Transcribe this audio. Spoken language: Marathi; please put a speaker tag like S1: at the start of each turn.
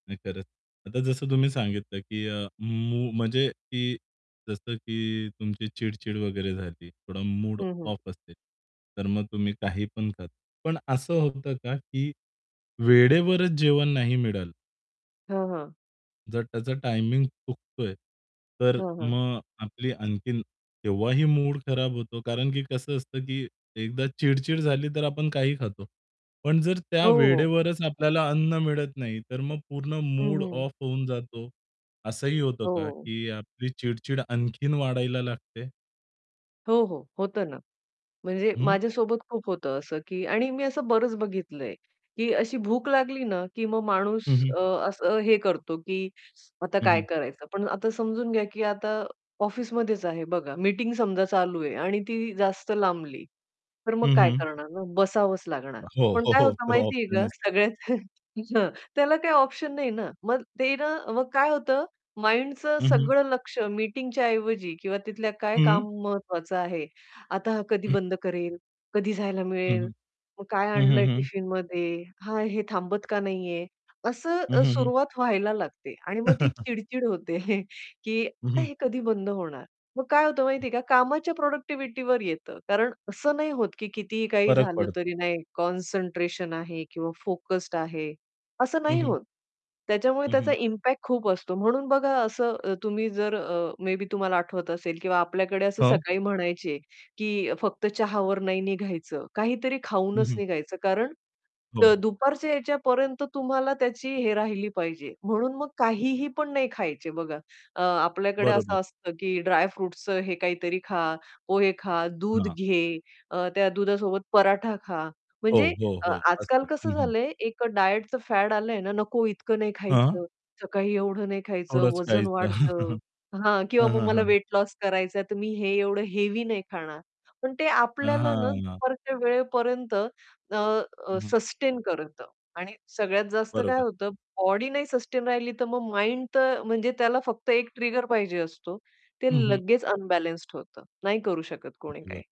S1: नाही खरंच. आता जसं तुम्ही सांगितलं की अ, मू म्हणजे की जसं की तुमची चिड-चिड वगैरे झाली. थोडा मूड
S2: हं, हं.
S1: ऑफ असेल, तर मग तुम्ही काही पण खा. पण असं होतं का की वेळेवरच जेवण नाही मिळालं
S2: हां, हां.
S1: जर त्याचा टायमिंग चुकतोय, तर
S2: हां, हां
S1: मग आपली आणखीन तेव्हाही मूड खराब होतो, कारण की कसं असतं, की एकदा चिड-चिड झाली तर आपण काही खातो. पण जर त्या
S2: हो, हो.
S1: वेळेवरच आपल्याला अन्न मिळत नाही, तर मग पूर्ण
S2: हं,
S1: मूड
S2: हं
S1: ऑफ होऊन जातो. असंही होतं का
S2: हो.
S1: की आपली चिड-चिड आणखीन वाढायला लागते?
S2: हो, हो. होतं ना म्हणजे
S1: हं.
S2: माझ्यासोबत खूप होतं, असं की आणि मी असं बरंच बघितलंय की अशी भूक लागली ना की मग माणूस
S1: हं, हं.
S2: अ, असं हे करतो, की आता
S1: हं,
S2: काय
S1: हं.
S2: करायचं? पण आता समजून घ्या, की आता ऑफिसमध्येच आहे बघा. मीटिंग समजा चालू आहे आणि ती जास्त लांबली. तर मग
S1: हं,
S2: काय
S1: हं.
S2: करणार ना? बसावंच लागणार.
S1: हो.
S2: पण
S1: हो,
S2: काय
S1: हो.
S2: होतं
S1: तो
S2: माहितीये
S1: ऑप्शन
S2: का
S1: अस
S2: सगळ्यात हां, त्याला काही ऑप्शन नाही ना. मग ते ना मग काय होतं माइंडचं
S1: हं, हं.
S2: सगळं लक्ष्य मीटिंगच्या ऐवजी किंवा तिथलं काय
S1: हं.
S2: महत्त्वाचं आहे? आता हा कधी बंद करेल, कधी जायला
S1: हं,
S2: मिळेल.
S1: हं.
S2: मग काय
S1: हं, हं,
S2: आणलंय
S1: हं.
S2: टिफिनमध्ये? हां, हे थांबत का नाहीये?
S1: हं,
S2: असं
S1: हं, हं.
S2: सुरुवात व्हायला लागते आणि मग ती चिड-चिड होते, की
S1: हं,
S2: आता
S1: हं.
S2: हे कधी बंद होणार, मग काय होतं
S1: हं.
S2: माहितीये का? कामाच्या प्रॉडक्टिव्हिटीवर येतं. कारण असं नाही होत, की कितीही काही
S1: फरक
S2: झालं
S1: पडतो.
S2: तरी नाही कॉन्सन्ट्रेशन आहे किंवा फोकस्ड आहे असं
S1: हं,
S2: नाही
S1: हं.
S2: होत. त्याच्यामुळे
S1: हं,
S2: त्याचा
S1: हं.
S2: इम्पॅक्ट खूप असतो, म्हणून बघा असं तुम्ही जर अ, मे बी तुम्हाला आठवत असेल किंवा आपल्याकडे असं
S1: हो.
S2: सकाळी म्हणायचे की, "फक्त चहावर नाही निघायचं, काहीतरी
S1: हं,
S2: खाऊनच
S1: हं.
S2: निघायचं." कारण तर
S1: हो.
S2: दुपारच्या यायच्या पर्यंत तुम्हाला त्याची हे राहिली पाहिजे. म्हणून मग काहीही पण नाही खायचे बघा अ, आपल्याकडे
S1: बरोबर.
S2: असं असतं की ड्रायफ्रुट्सचं हे काहीतरी खा, पोहे खा, दूध
S1: हां.
S2: घे, अ, त्या दुधासोबत पराठा खा.
S1: हो,
S2: म्हणजे
S1: हो,
S2: अ,
S1: हो.
S2: आज-काल
S1: असतं.
S2: कसं
S1: हं, हं.
S2: झालंय एक अ, डायटचं फॅड आलंय ना, "नको इतकं नाही
S1: हां.
S2: खायचं, सकाळी एवढं नाही खायचं,
S1: थोडंच
S2: वजन
S1: खायचं.
S2: वाढतं." हां.
S1: हं,
S2: किंवा "मग
S1: हं,
S2: मला
S1: हं.
S2: वेट लॉस करायचाय तर मी हे एवढं हेवी नाही खाणार." पण ते
S1: अ,
S2: आपल्याला ना
S1: हां.
S2: दुपारच्या वेळेपर्यंत अ, अ,
S1: हं, हं.
S2: सस्टेन करतं आणि सगळ्यात जास्त काय
S1: बरोबर.
S2: होतं, बॉडी नाही सस्टेन राहिली तर मग माइंड तर म्हणजे त्याला फक्त एक ट्रिगर पाहिजे असतो. ते
S1: हं, हं.
S2: लगेच अनबॅलन्स्ड होतं, नाही करू शकत कोणी काही.
S1: धन्यवाद.